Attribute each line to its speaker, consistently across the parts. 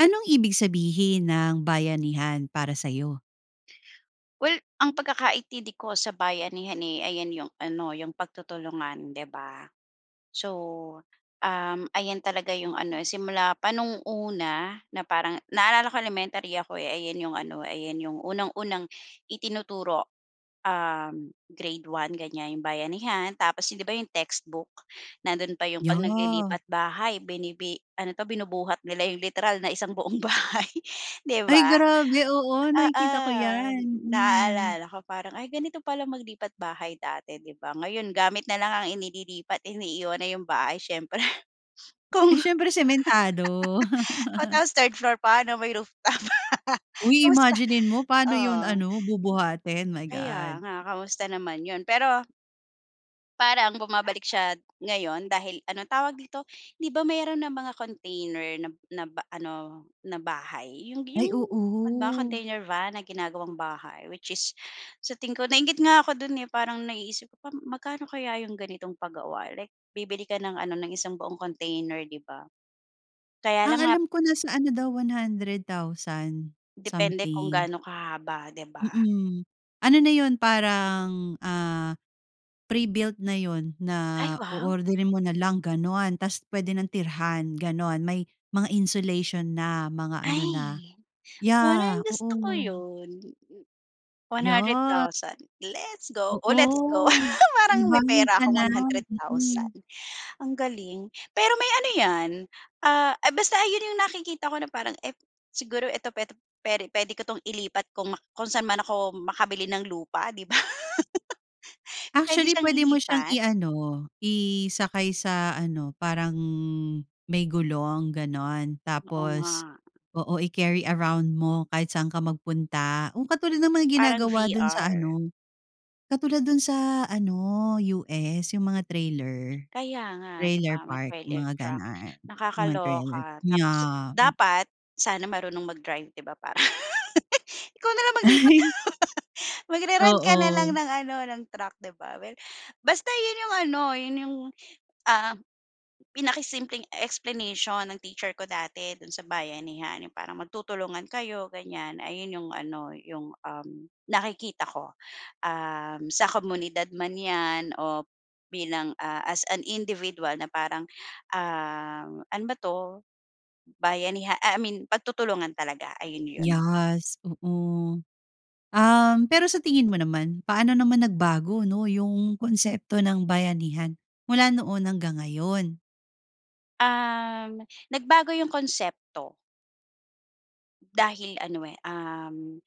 Speaker 1: Anong ibig sabihin ng bayanihan para sa'yo?
Speaker 2: Well, ang pagkakaintindi ko sa bayanihan, eh, ayan yung ano yung pagtutulungan, 'di ba? So, uhm, ayan talaga yung ano simula pa noong una na parang, naalala ko elementary ako, eh, ayan yung ano ayan yung unang-unang itinuturo. Uhm, grade 1 ganyan yung bayanihan tapos yun 'di ba yung textbook nando'n pa 'yong 'pag
Speaker 1: Yeah.
Speaker 2: naglilipat bahay, binibi ano 'to, binubuhat nila yung literal na isang buong bahay, 'di
Speaker 1: Ay
Speaker 2: ba?
Speaker 1: grabe! Oo
Speaker 2: Oo!
Speaker 1: nakikita ko yan. Mm.
Speaker 2: Naalala ko parang, ay ganito pala maglipat bahay dati, di ba? Ngayon gamit na lang ang inililipat iniiwan na yung bahay siyempre
Speaker 1: Eh,
Speaker 2: kung
Speaker 1: syempre sementado.
Speaker 2: O, tapos third floor pa ano, may rooftop.
Speaker 1: Uy,
Speaker 2: Kumusta?
Speaker 1: imaginin mo paano yun
Speaker 2: Oo.
Speaker 1: ano bubuhatin, my
Speaker 2: Kaya
Speaker 1: God.
Speaker 2: nga kumusta naman 'yon pero parang bumabalik siya ngayon dahil, ano tawag dito? Di ba mayroon nang mga container na na ba ano na bahay yung
Speaker 1: Ay,
Speaker 2: yung mga
Speaker 1: oo.
Speaker 2: container van na ginagawang bahay? Which is sa tingin ko nainggit nga ako do'n, eh, parang naiisip ko pa magkano kaya yung ganitong pagawa, like, bibili ka ng ano ng isang buong container, 'di ba? Kaya
Speaker 1: Ang
Speaker 2: lang nga
Speaker 1: alam ko nasa ano daw, 100,000
Speaker 2: Depende kung
Speaker 1: something.
Speaker 2: gaano kahaba 'di ba?
Speaker 1: Mm. Ano na yun parang, ah, pre-built na yun na
Speaker 2: Ay wow!
Speaker 1: oorderin mo na lang, ganon! Tas pwede nang tirhan, ganon! May mga insulation na, mga ano na,
Speaker 2: Ay! Parang
Speaker 1: yah,
Speaker 2: gusto
Speaker 1: oo.
Speaker 2: ko 'yon. one hundred
Speaker 1: Ya!
Speaker 2: thousand. Let's go, o let's go!
Speaker 1: Oo! May
Speaker 2: Parang may
Speaker 1: bahay
Speaker 2: pera
Speaker 1: ka
Speaker 2: akong
Speaker 1: na,
Speaker 2: one hundred
Speaker 1: mm.
Speaker 2: thousand. Ang galing. Pero may ano 'yan, ah, basta ayun yung nakikita ko na parang ep siguro eto petu pere puwede ko 'tong ilipat kung mak kung saan man ako makabili ng lupa, 'di ba? Pwede
Speaker 1: Actually,
Speaker 2: siyang
Speaker 1: pwede mo siyang
Speaker 2: ilipat?
Speaker 1: i-ano, isakay sa ano parang may gulong ganon
Speaker 2: Oo nga.
Speaker 1: tapos oo i-carry around mo kahit saan ka magpunta. Ang katulad ng
Speaker 2: Parang
Speaker 1: ginagawa do'n sa
Speaker 2: VR.
Speaker 1: ano, katulad dun sa ano sa US yung mga trailer,
Speaker 2: Kaya nga, di
Speaker 1: trailer
Speaker 2: ba, mga
Speaker 1: park,
Speaker 2: trailer
Speaker 1: mga
Speaker 2: truck.
Speaker 1: ganun, mga trailer.
Speaker 2: Nakakaloka tapos
Speaker 1: Yah!
Speaker 2: dapat sana marunong mag-drive di ba para ikaw na lang maglipat. Magre-rent ka na lang
Speaker 1: Oo.
Speaker 2: ng ano, ng truck, di ba. Well, basta 'yon yung ano, 'yon yung, uhm, pinakasimpleng explanation ng teacher ko dati do'n sa bayanihan yung parang magtutulungan kayo ganyan ayun yung ano, yung, uhm, nakikita ko, uhm, sa komunidad man 'yan o bilang, ah, as an individual na parang, uhm, ano ba 'to bayaniha I mean, pagtutulungan talaga ayun 'yon.
Speaker 1: Yes, oo. Uhm, pero sa tingin mo naman, paano naman nagbago, no yung konsepto ng bayanihan mula noon hanggang ngayon?
Speaker 2: Um, nagbago yung konsepto. Dahil ano eh, um,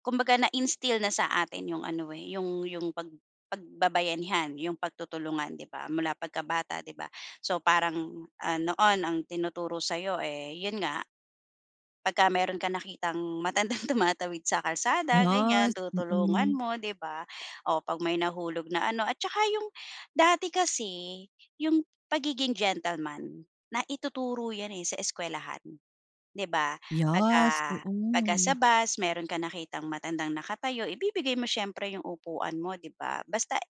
Speaker 2: kumbaga na-instill na sa atin yung ano eh, yung yung pag pagbabayanihan, yung pagtutulungan, di ba, mula pagkabata, di ba? So parang, ah, noon ang tinuturo sa'yo eh, yun nga, pagka meron kang nakitang matandang tumatawid sa kalsada, ganyan,
Speaker 1: Yes,
Speaker 2: tutulungan
Speaker 1: mm.
Speaker 2: mo, di ba? Oh, 'pag may nahulog na ano, at tsaka yung dati kasi yung pagiging gentleman, naituturo yan eh, sa eskuwelahan, di ba? Pagka
Speaker 1: Yes,
Speaker 2: pagka sa
Speaker 1: oo.
Speaker 2: bus meron kang nakitang matandang nakatayo, ibibigay mo siyempre yung upuan mo, di ba? Basta eh,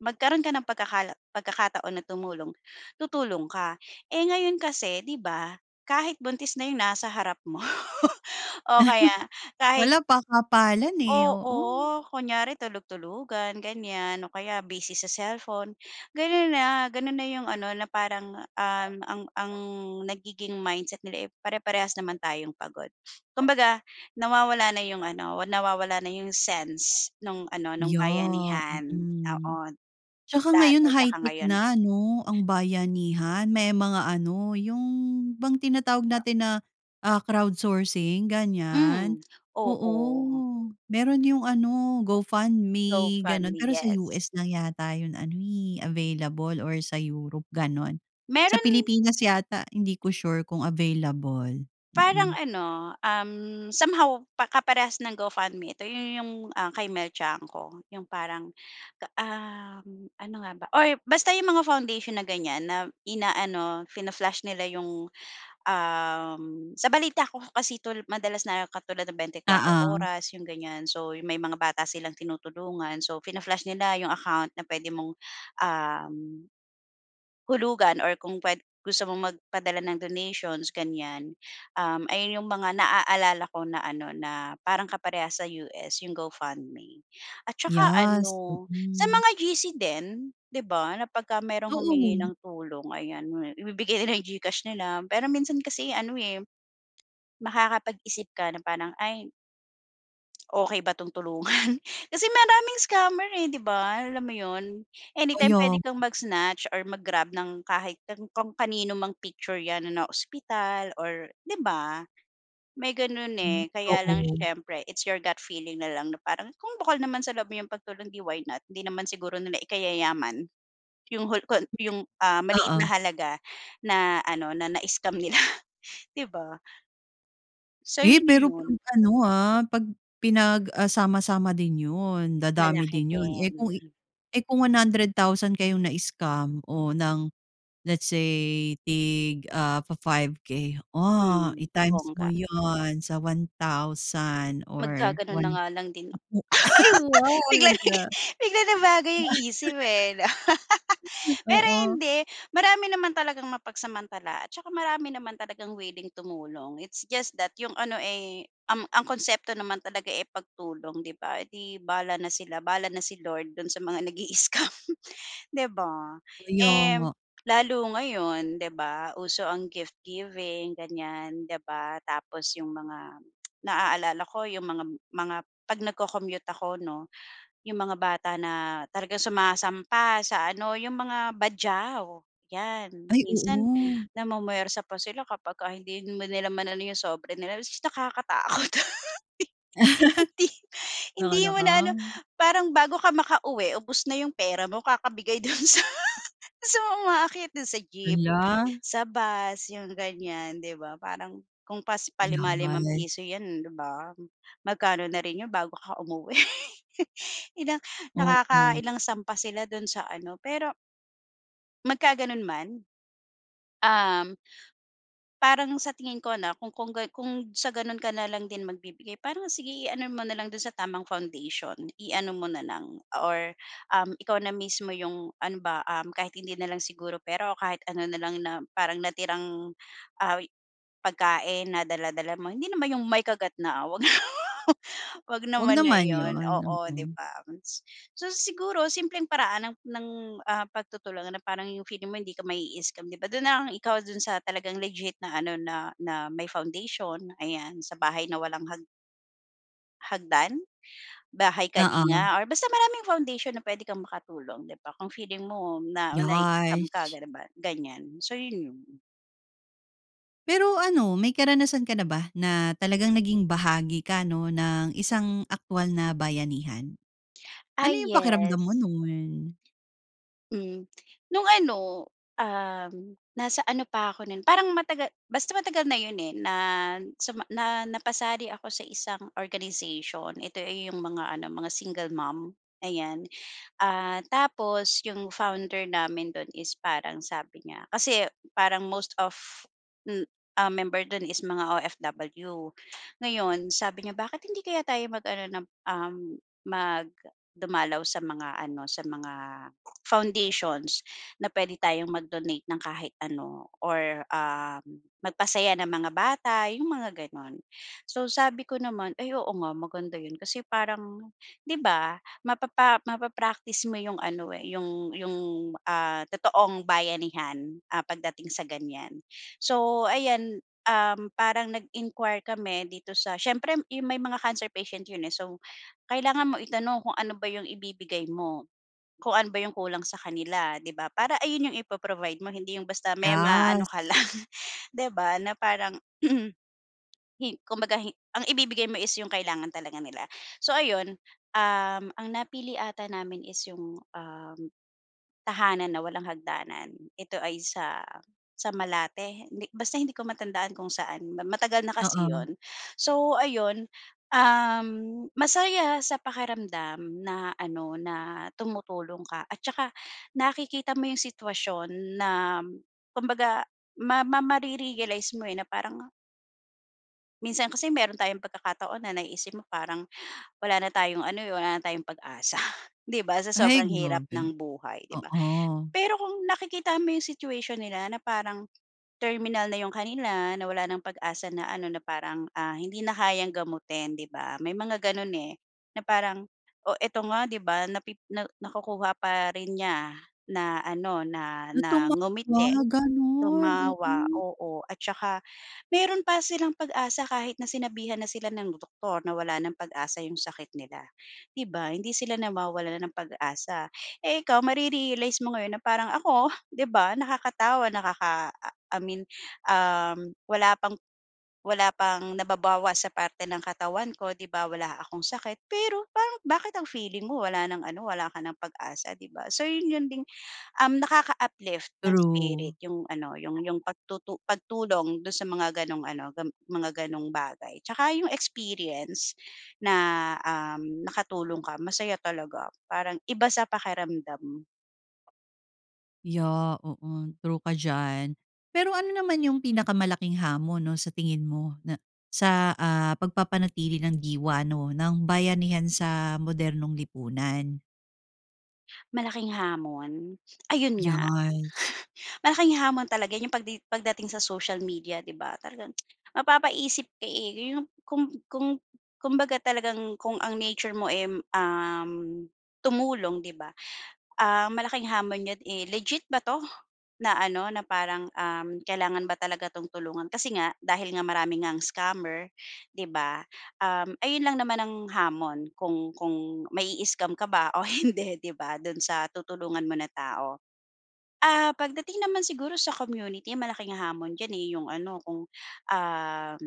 Speaker 2: magkaroon ka ng pagkakala pagkakataon na tumulong, tutulong ka. Eh, ngayon kasi di ba, kahit buntis na yung nasa harap mo o kaya kahit
Speaker 1: Wala, pakapalan eh, oo.
Speaker 2: Oo, kunyari tulug-tulugan, ganyan, o kaya busy sa cellphone. Gano'n na, gano'n na yung ano, na parang, um, ang ang nagiging mindset nila eh, pare-parehas naman tayong pagod. Kumbaga, nawawala na yung ano, nawawala na yung sense nung ano, nung
Speaker 1: Yeah,
Speaker 2: bayanihan
Speaker 1: mm.
Speaker 2: noon,
Speaker 1: Tsaka
Speaker 2: dati
Speaker 1: ngayon
Speaker 2: tsaka
Speaker 1: high-tech
Speaker 2: ngayon.
Speaker 1: na 'no, ang bayanihan may mga ano, yun bang tinatawag natin na, ah, crowd sourcing, ganyan,
Speaker 2: Mm, oo.
Speaker 1: oo, meron yung ano,
Speaker 2: So,
Speaker 1: GoFundme, gano'n.
Speaker 2: funny,
Speaker 1: Pero sa
Speaker 2: yes.
Speaker 1: US lang yata yung ano eh, available or sa Europe, gano'n. Sa
Speaker 2: Meron
Speaker 1: Pilipinas yata hindi ko sure kung available,
Speaker 2: Parang
Speaker 1: mm.
Speaker 2: ano, um, somehow pa kaparehas ng GoFundMe. Ito yun yung, ah, kay Mel Tiangco, yung parang ka, um, ano nga ba or basta yung mga foundation na ganyan, na inaano, fina-flash nila yung, um, sa balita ko kasi 'to, madalas na katulad ng 24
Speaker 1: Oo.
Speaker 2: Oras, yung ganyan. So, yung may mga bata silang tinutulungan, so fina-flash nila yung account na puwede mong, um, hulugan or kung pwed gusto mong magpadala ng donations, ganyan. Um, ayun yung mga naaalala ko na ano, na parang kapareha sa US, yung GoFundMe. At tsaka
Speaker 1: Yes,
Speaker 2: ano, sa
Speaker 1: oo.
Speaker 2: mga GC din, di ba, na pagka mayro'ng humingi
Speaker 1: Oo.
Speaker 2: ng tulong, ayan, mo eh, ibibigay nila yung GCash nila. Pero minsan kasi ano eh, makakapag-isip ka na parang, "Ay okey ba 'tong tulungan? Kasi maraming scammer eh, di ba, alam mo yon? Anytime
Speaker 1: Kaya
Speaker 2: pwede
Speaker 1: nga.
Speaker 2: kang mag-snatch or mag-grab ng kahit an kung kanino mang picture yan na naospital or, di ba? May ganun
Speaker 1: Hmm,
Speaker 2: eh, kaya lang
Speaker 1: oo.
Speaker 2: siyempre it's your gut feeling nalang na parang, kung bukal naman sa loob mo yung pagtulong, di why not? Di naman siguro nila ikayayaman yung hul kon yung,
Speaker 1: [unintelligible]
Speaker 2: ah, maliit na
Speaker 1: Oo.
Speaker 2: halaga na ano, na na-scam nila, di ba? Sa
Speaker 1: Eh,
Speaker 2: inyo
Speaker 1: pero
Speaker 2: yon.
Speaker 1: 'pag ano ah, 'pag pinag, ah, sama-sama din 'yon, dadami
Speaker 2: Malaki
Speaker 1: din 'yon. Eh kung
Speaker 2: din, mm.
Speaker 1: eh kung 100 thousand kayong na-scam o ng let's say tig, ah, fa-5 K. Ah,
Speaker 2: Mm,
Speaker 1: i-times mo
Speaker 2: bongga.
Speaker 1: 'yon sa 1000 or
Speaker 2: Maggaganon na
Speaker 1: 1
Speaker 2: nga lang din ako.
Speaker 1: [unintelligible] Ay, wow ang
Speaker 2: Biglang
Speaker 1: ganda.
Speaker 2: naging biglang nabago yung isip eh, 'no? Pero
Speaker 1: Oo.
Speaker 2: hindi, marami naman talagang mapagsamantala at tsaka marami naman talagang wiling tumulong, it's just that yung ano eh, um, ang konsepto naman talaga eh, pagtulong, di ba? 'Eh, di bahala na sila, bahala na si Lord dun sa mga nag-i-scam, di ba?
Speaker 1: Kaya
Speaker 2: Eh,
Speaker 1: nga.
Speaker 2: lalo ngayon di ba, uso ang gift-giving, ganyan, di ba? Tapos yung mga naaalala ko yung mga mga 'pag nagco-commute ako 'no, yung mga bata na talagang sumasampa sa ano, yung mga Badjao, yan.
Speaker 1: Ay,
Speaker 2: Minsan
Speaker 1: oo.
Speaker 2: namumwersa pa sila kapagka hindi mo nilamanan na yung sobre nila tapos nakakatakot Hindi hindi mo na ano,
Speaker 1: [unintelligible]
Speaker 2: parang bago ka maka-uwi ubos na yung pera mo kakabigay dun sa sa mga umaakyat dun sa jeep,
Speaker 1: Hala.
Speaker 2: sa bus, yung ganyan, di ba? Parang kung pas palima-limang
Speaker 1: Yes.
Speaker 2: piso yan, di ba? Magkano na rin yun bago ka umuwi, ilang
Speaker 1: Oo.
Speaker 2: nakaka-ilang sampa sila dun sa ano, pero Magkaganon man, um. Parang sa tingin ko, 'no, kung kung gan kung sa ganun ka na lang din magbibigay parang sige i-ano mo na lang dun sa tamang foundation. I-ano mo na lang or, um, ikaw na mismo yung ano ba, um, kahit hindi na lang siguro pera o kahit ano na lang na parang natirang ah wi pagkain na dala-dala mo. Hindi naman yung may kagat na, ah, huwag huwag
Speaker 1: Huwag
Speaker 2: naman, 'wag naman na
Speaker 1: naman yun,
Speaker 2: yun, oo, di
Speaker 1: mm.
Speaker 2: bams? So, siguro simpleng paraan ng, ng, ah, pagtutulong na parang yung feeling mo hindi ka mai-scam, di ba, dun na lang ikaw dun sa talagang legit na ano na, na, may foundation ayan sa bahay na walang hag hagdan? Bahay
Speaker 1: Oo.
Speaker 2: Kalinga or basta maraming foundation na puwede kang makatulong, di ba? Kung feeling mo na nai-scam ka
Speaker 1: Yes.
Speaker 2: ganun ba ganyan, so yun, yun.
Speaker 1: Pero ano may karanasan ka na ba na talagang naging bahagi ka, no, ng isang aktuwal na bayanihan?
Speaker 2: Ah,
Speaker 1: Ano yung
Speaker 2: yes.
Speaker 1: pakiramdam mo nun?
Speaker 2: Hmm. Nung ano, um, nasa ano pa ako nun parang mataga basta matagal na yun, eh, na suma na napasali ako sa isang organization ito, eh, yung mga ano mga single mom. Ayan, ah, tapos yung founder namin dun is parang sabi niya kasi parang most of, hmm, um, member dun is mga OFW. Ngayon sabi niya bakit hindi kaya tayo mag-ano nap, um, mag dumalaw sa mga ano sa mga foundations na puwede tayong mag-donate ng kahit ano or, um, magpasaya ng mga bata yung mga ganon. So, sabi ko naman, "Ay, oo nga maganda yun kasi parang" 'di ba, mapapa mapa-practice mo yung ano, eh, yung yung, ah, totoong bayanihan, ah, pagdating sa ganyan. So, ayan, um, parang nag-inquire kami dito sa siyempre yung may mga cancer patient yun, eh, so kailangan mo itanong kung ano ba yung ibibigay mo, kung ano ba yung kulang sa kanila, 'di ba? Para ayun yung ipo-provide mo hindi yung basta may maano
Speaker 1: Yes.
Speaker 2: ka lang, di ba, na parang Hin kumbaga hi ang ibibigay mo is yung kailangan talaga nila. So, ayun, um, ang napili ata namin is yung, um, Tahanan na Walang Hagdanan. Ito ay sa sa Malate hindi basta hindi ko matandaan kung saan ma matagal na kasi
Speaker 1: Oo.
Speaker 2: yun. So, ayun, um, masaya sa pakiramdam na ano na tumutulong ka at tsaka nakikita mo yung sitwasyon na kumbaga ma ma mare-realize mo, eh, na parang Minsan kasi meron tayong pagkakataon na naiisip mo parang, wala na tayong ano, wala na tayong pag-asa. 'Di ba sa
Speaker 1: Ay!
Speaker 2: sobrang hirap
Speaker 1: Grabe.
Speaker 2: ng buhay, 'di ba?
Speaker 1: Oo.
Speaker 2: Pero kung nakikita mo 'yong situation nila, na parang terminal na 'yong kanila, na wala nang pag-asa na ano na parang, ah, hindi na kayang gamutin, 'di ba? May mga gano'n eh, na parang o eto nga 'di ba, napi na nakukuha pa rin niya na ano na
Speaker 1: Na
Speaker 2: na ngumiti,
Speaker 1: tumawa, gano'n,
Speaker 2: tumawa,
Speaker 1: mm.
Speaker 2: oo. At saka meron pa silang pag-asa kahit na sinabihan na sila ng doktor na wala nang pag-asa 'yong sakit nila. 'Di ba, hindi sila nawawalan ng pag-asa. Eh, ikaw, mare-realize mo ngayon na parang, ako, 'di ba, nakakatawa, nakaka I mean, uhm. wala pang wala pang nababawas sa parte ng katawan ko, 'di ba? Wala akong sakit, pero parang bakit ang feeling mo wala nang ano, wala ka nang pag-asa, 'di ba? So 'yon 'yon din, uhm, nakaka-uplift ng
Speaker 1: True.
Speaker 2: spirit yung ano, yung yung pagtutu pagtulong do'n sa mga gano'ng ano, ga mga gano'ng bagay. Tsaka yung experience na, uhm, nakatulong ka, masaya talaga. Parang iba sa pakiramdam.
Speaker 1: Yeah, oo. True ka diyan. Pero ano naman yung pinakamalaking hamon, 'no, sa tingin mo na sa, ah, pagpapanatili ng diwa, 'no, ng bayanihan sa modernong lipunan?
Speaker 2: Malaking hamon, ayun nga.
Speaker 1: Yes.
Speaker 2: Malaking hamon talaga yung pagdi pagdating sa social media, 'di ba, talagang mapapaisip ka, eh. Yung kung kung kumbaga talagang kung ang nature mo eh, um, tumulong, 'di ba, ah, malaking hamon yun, eh, "Legit ba 'to?" Na ano, na parang, uhm, kailangan ba talaga 'tong tulungan, kasi nga dahil nga marami ngang scammer, 'di ba, um, ayun lang naman ang hamon kung kung mai-scam ka ba o hindi, 'di ba? Do'n sa tutulungan mo na tao. Ah, pagdating naman siguro sa community, malaking hamon diyan, eh, yung ano, kung, um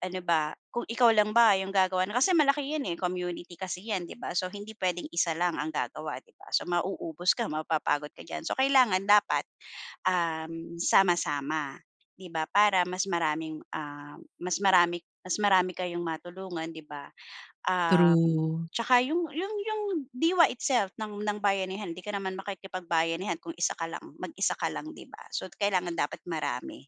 Speaker 2: ano ba, kung ikaw lang ba yung gagawa nun, kasi malaki 'yan, eh, community kasi 'yan, 'di ba? So, hindi puwedeng isa lang ang gagawa, 'di ba? So, mauubos ka, mapapagod ka diyan. So, kailangan dapat, um, sama-sama, 'di ba? Para mas maraming, ah, mas marami mas marami kayong matulungan, 'di ba? Um,
Speaker 1: True.
Speaker 2: 'tsaka yung yung yung diwa itself ng ng bayanihan, hindi ka naman makikipagbayanihan kung isa ka lang, mag-isa ka lang, di ba? So, kailangan dapat marami.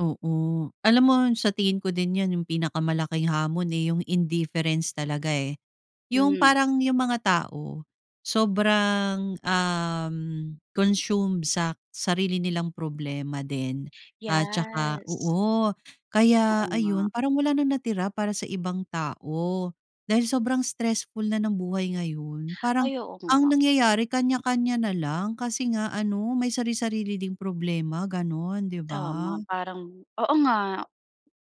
Speaker 1: Oo. Alam mo sa tingin ko din 'yan 'yong pinakamalaking hamon eh, 'yong indifference talaga eh. 'Yong
Speaker 2: Hmm.
Speaker 1: parang 'yong mga tao sobrang, um, consumed sa sarili nilang problema din at tsaka
Speaker 2: Yes.
Speaker 1: oo kaya
Speaker 2: Oo nga.
Speaker 1: ayon parang wala ng natira para sa ibang tao dahil sobrang stressful na ng buhay ngayon. Parang
Speaker 2: Ay, oo
Speaker 1: ang
Speaker 2: nga.
Speaker 1: nangyayari, kanya-kanya na lang kasi nga ano may sari-sarili ding problema gano'n, 'di ba.
Speaker 2: Tama, parang oo nga.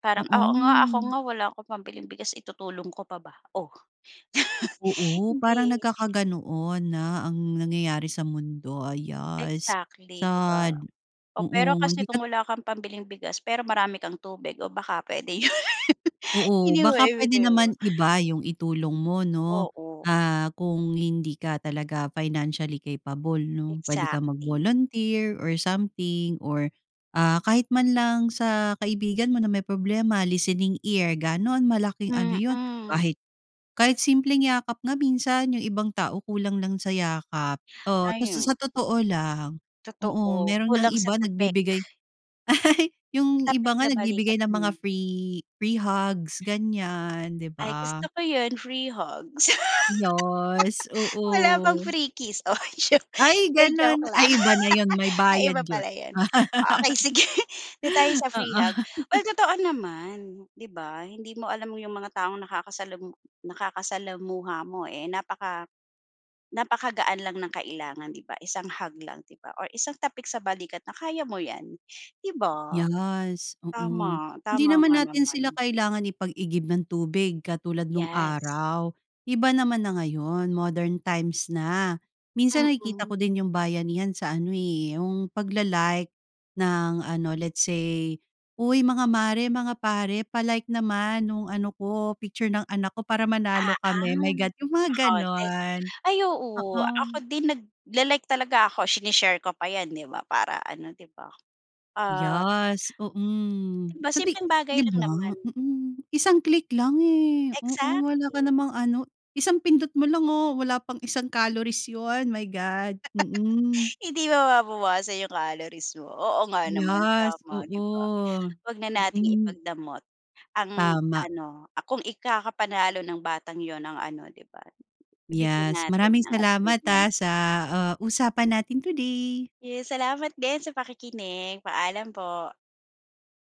Speaker 2: Parang, oo nga, ako
Speaker 1: Oo.
Speaker 2: nga wala akong pambiling bigas itutulong ko pa ba o
Speaker 1: Oo parang
Speaker 2: hindi.
Speaker 1: nagkaka-ganoon na ang nangyayari sa mundo. Yes,
Speaker 2: Exactly, 'di ba.
Speaker 1: sad.
Speaker 2: Oo pero
Speaker 1: Oo
Speaker 2: kasi
Speaker 1: hindi
Speaker 2: kung
Speaker 1: ka
Speaker 2: wala kang pambiling bigas pero marami kang tubig o baka puwede 'yon. 'Yon
Speaker 1: Oo,
Speaker 2: na 'yong
Speaker 1: baka pwede
Speaker 2: maibigay mo.
Speaker 1: naman iba 'yong itulong mo 'no.
Speaker 2: Oo.
Speaker 1: Ah, kung hindi ka talaga financially capable 'no. Puwede ka
Speaker 2: Exactly.
Speaker 1: mag-volunteer or something or ah kahit man lang sa kaibigan mo na may problema, listening ear gano'n. Malaking ano 'yon
Speaker 2: Mm.
Speaker 1: kahit, kahit simpleng yakap nga minsan 'yong ibang tao kulang lang sa yakap. Oo ta
Speaker 2: Ayo
Speaker 1: sa totoo lang, oo
Speaker 2: Totoo,
Speaker 1: meron ngang
Speaker 2: kulang sa
Speaker 1: iba
Speaker 2: tapik.
Speaker 1: nagbibigay. 'Yong iba
Speaker 2: Tapik
Speaker 1: nga
Speaker 2: sa balikat.
Speaker 1: nagbibigay ng mga
Speaker 2: Hmm.
Speaker 1: free free hugs ganyan 'di
Speaker 2: Ay
Speaker 1: ba.
Speaker 2: gusto ko 'yon, free hugs
Speaker 1: Yes
Speaker 2: Wala bang
Speaker 1: oo.
Speaker 2: free kiss? Oy joke.
Speaker 1: Ay
Speaker 2: 'Di
Speaker 1: gano'n.
Speaker 2: joke lang.
Speaker 1: Ay iba na 'yon, may
Speaker 2: Ay
Speaker 1: bayad
Speaker 2: iba
Speaker 1: 'yon.
Speaker 2: pala 'yon, okey sige. Do'n tayo sa free
Speaker 1: Oo.
Speaker 2: hug. Uy totoo naman 'di ba, hindi mo alam 'yong mga taong nakakasalamu nakakasalamuha mo, eh, napaka napakagaan lang ng kailangan 'di ba. Isang hug lang 'di ba or isang tapik sa balikat na kaya mo 'yan, 'di ba?
Speaker 1: Yes, oo.
Speaker 2: Tama,
Speaker 1: Hindi
Speaker 2: tama
Speaker 1: naman
Speaker 2: nga
Speaker 1: natin sila
Speaker 2: naman.
Speaker 1: kailangan ipag-igib ng tubig katulad no'ng
Speaker 2: Yes.
Speaker 1: araw. Iba naman na ngayon, modern times na. Minsan nakikita
Speaker 2: Mm.
Speaker 1: ko din 'yong bayanihan sa ano, eh, 'yong pag-la-like ng ano let's say, "Uy mga mare, mga pare, pa-like naman no'ng ano ko picture ng anak ko para manalo
Speaker 2: Ah,
Speaker 1: kami." my
Speaker 2: ah,
Speaker 1: God 'yong
Speaker 2: pa
Speaker 1: mga
Speaker 2: pa-contest.
Speaker 1: gano'n.
Speaker 2: Ay oo,
Speaker 1: Oo.
Speaker 2: ako din nagla-like talaga ako. Sine-share ko pa 'yan, 'di ba para ano, 'di ba. Ah.
Speaker 1: Yes, mm.
Speaker 2: 'Di ba
Speaker 1: Sa ti
Speaker 2: simpleng bagay
Speaker 1: 'di
Speaker 2: lang
Speaker 1: ba?
Speaker 2: naman.
Speaker 1: Mm, isang click lang eh. Oo wala ka
Speaker 2: Exactly.
Speaker 1: namang ano, isang pindot mo lang, oh. Wala pang isang calories 'yon, my God. Mm.
Speaker 2: Hindi mababawasan 'yong calories mo. Oo nga naman,
Speaker 1: Yes,
Speaker 2: tama 'di ba.
Speaker 1: oo.
Speaker 2: 'Wag na nating
Speaker 1: Mm.
Speaker 2: ipagdamot ang
Speaker 1: Tama.
Speaker 2: ano, ah, kung ikakapanalo ng batang 'yon ang ano 'di ba, ibigay
Speaker 1: Yes,
Speaker 2: natin
Speaker 1: maraming
Speaker 2: ang
Speaker 1: salamat ah
Speaker 2: achievement.
Speaker 1: sa, ah, usapan natin today.
Speaker 2: Yes, salamat din sa pakikinig. Paalam po.